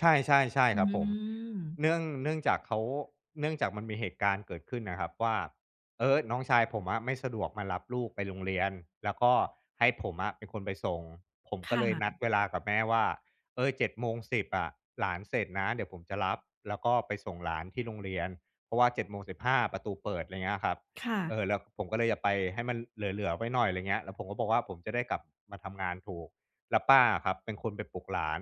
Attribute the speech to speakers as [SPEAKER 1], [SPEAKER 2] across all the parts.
[SPEAKER 1] ใช่
[SPEAKER 2] อ
[SPEAKER 1] ๆ
[SPEAKER 2] ื
[SPEAKER 1] ๆ ครับผม
[SPEAKER 2] ม
[SPEAKER 1] เนื่อง เนื่องจากเขา เนื่องจากมันมีเหตุการณ์เกิดขึ้นน่ะครับว่า เออ น้องชายผมอะไม่สะดวกมารับลูกไปโรงเรียน แล้วก็ให้ผมอะเป็นคนไปส่ง ผม
[SPEAKER 2] ค
[SPEAKER 1] ก็
[SPEAKER 2] ่
[SPEAKER 1] เลยนัด
[SPEAKER 2] ะ
[SPEAKER 1] เวลากับแม่ว่า เออ 07:10 อะ หลานเสร็จนะ เดี๋ยวผมจะรับ แล้วก็ไปส่งหลานที่โรงเรียน เพราะว่า 07:15 ประตูเปิด อะไรอย่างเงี้ยครับ
[SPEAKER 2] ค่
[SPEAKER 1] เอ
[SPEAKER 2] ะ
[SPEAKER 1] อ แล้วผมก็เลยจะไปให้มันเหลือ ๆ ไว้หน่อย อะไรเงี้ย แล้วผมก็บอกว่า ผมจะได้กลับมาทำงานถูก แล้วป้าอะครับเป็นคนไปปลุกหลาน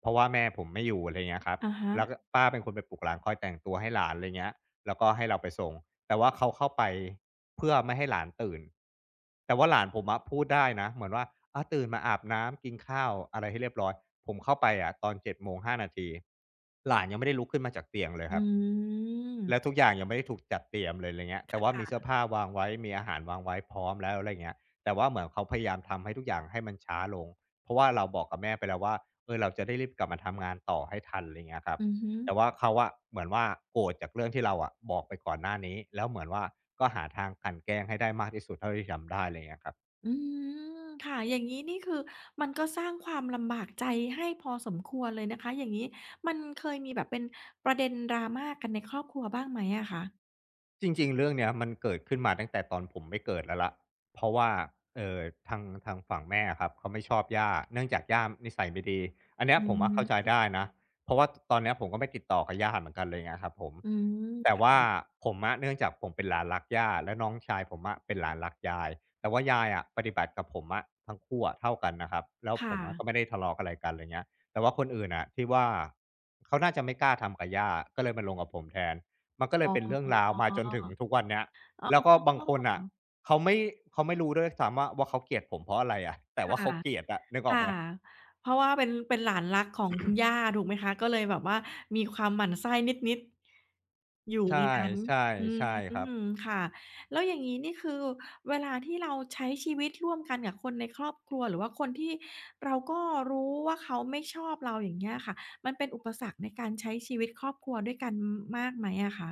[SPEAKER 1] เพราะว่าแม่ผมไม่อยู่ อะไรเงี้ยครับ
[SPEAKER 2] อะฮ
[SPEAKER 1] แล้วก็
[SPEAKER 2] ะ
[SPEAKER 1] ป้าเป็นคนไปปลุกหลานคอยแต่งตัวให้หลาน อะไรเงี้ย แล้วก็ให้เราไปส่ง แต่ว่าเขาเข้าไปเพื่อไม่ให้หลานตื่น แต่ว่าหลานผมอะพูดได้นะ เหมือนว่า อา ตื่นมาอาบน้ำ กินข้าวอะไรให้เรียบร้อย ผมเข้าไปอะตอน 07:05 นาที หลานยังไม่ได้ลุกขึ้นมาจากเตียงเลย
[SPEAKER 2] อ
[SPEAKER 1] ครับ
[SPEAKER 2] ืม
[SPEAKER 1] แล้วทุกอย่างยังไม่ได้ถูกจัดเตรียมเลย อะไรเงี้ย แต
[SPEAKER 2] ค
[SPEAKER 1] ่ว่าม
[SPEAKER 2] ่
[SPEAKER 1] ีเสื้อ
[SPEAKER 2] ะ
[SPEAKER 1] ผ้าวางไว้ มีอาหารวางไว้พร้อมแล้ว อะไรเงี้ย แต่ว่าเหมือนเขาพยายามทำให้ทุกอย่างให้มันช้าลง เพราะว่าเราบอกกับแม่ไปแล้วว่า เออ เราจะได้รีบกลับมาทำงานต่อให้ทัน อะไรเงี้ยครับ
[SPEAKER 2] อือฮึ
[SPEAKER 1] แต่ว่าเขาอะเหมือนว่า โกรธจากเรื่องที่เราอะบอกไปก่อนหน้านี้ แล้วเหมือนว่า ก็หาทางกลั่นแกล้งให้ได้มากที่สุดเท่าที่ทำได้ อะไรเงี้ยครับ
[SPEAKER 2] อืม ค่ะ อย่างงี้นี่คือ มันก็สร้างความลำบากใจให้พอสมควรเลยนะคะ อย่างงี้มันเคยมีแบบเป็นประเด็น drama กันในครอบครัวบ้างไหมอะคะ?
[SPEAKER 1] จริง ๆ เรื่องเนี้ย มันเกิดขึ้นมาตั้งแต่ตอนผมไม่เกิดแล้วล่ะ เพราะว่า เอ่อ ทาง ทางฝั่งแม่อะครับเขาไม่ชอบย่า เนื่องจากย่านิสัยไม่ดี อันเนี้
[SPEAKER 2] อ
[SPEAKER 1] ย
[SPEAKER 2] ื
[SPEAKER 1] ผมอะเข้าใจ
[SPEAKER 2] ม
[SPEAKER 1] ได้นะ เพราะว่า ท ตอนเนี้ยผมก็ไม่ติดต่อกับย่าเหมือนกันเลย เงี้ยครับผม
[SPEAKER 2] อืม
[SPEAKER 1] แต่
[SPEAKER 2] ค่
[SPEAKER 1] ว่า
[SPEAKER 2] ะ
[SPEAKER 1] ผมอะ เนื่องจากผมเป็นหลานรักย่า และน้องชายผมอะเป็นหลานรักยาย แต่ว่ายายอะปฏิบัติกับผมอะทั้งคู่อะเท่ากันนะครับ แล้ว
[SPEAKER 2] ค่
[SPEAKER 1] ผมอะ
[SPEAKER 2] ะ
[SPEAKER 1] ก็ไม่ได้ทะเลาะอะไรกัน อะไรเงี้ย แต่ว่าคนอื่นน่ะที่ว่า เขาน่าจะไม่กล้าทำกับย่า ก็เลยมาลงกับผมแทน มันก็เล
[SPEAKER 2] อ๋
[SPEAKER 1] ย
[SPEAKER 2] อ
[SPEAKER 1] เป็นเรื่องราว มาจนถึงทุกวันเนี้ย
[SPEAKER 2] อ๋
[SPEAKER 1] แล้วก็บางคนน่ะ
[SPEAKER 2] อ
[SPEAKER 1] เขาไม่ เขาไม่รู้ด้วยซ้ำว่า ว่าเขาเกลียดผมเพราะอะไรอะ แต่
[SPEAKER 2] ค
[SPEAKER 1] ว่
[SPEAKER 2] ่
[SPEAKER 1] าเข
[SPEAKER 2] ะ
[SPEAKER 1] าเกลียดอะ นึกอ
[SPEAKER 2] ค
[SPEAKER 1] อก
[SPEAKER 2] ่
[SPEAKER 1] ไห
[SPEAKER 2] ะ
[SPEAKER 1] ม?
[SPEAKER 2] เพราะว่าเป็น เป็นหลานรักของคุณย่า ถูกไหมคะ ก็เลยแบบว่ามีความหมั่นไส้นิด ๆ อยู่
[SPEAKER 1] ใช่
[SPEAKER 2] ในนั้น
[SPEAKER 1] ใช่
[SPEAKER 2] อื
[SPEAKER 1] ใช่ครับ
[SPEAKER 2] ม ค่ะ แล้วอย่างงี้นี่ คือเวลาที่เราใช้ชีวิตร่วมกันกับคนในครอบครัว หรือว่าคนที่เราก็รู้ว่าเขาไม่ชอบเรา อย่างเงี้ยอะค่ะ มันเป็นอุปสรรคในการใช้ชีวิตครอบครัวด้วยกัน ม มากไหมอะคะ?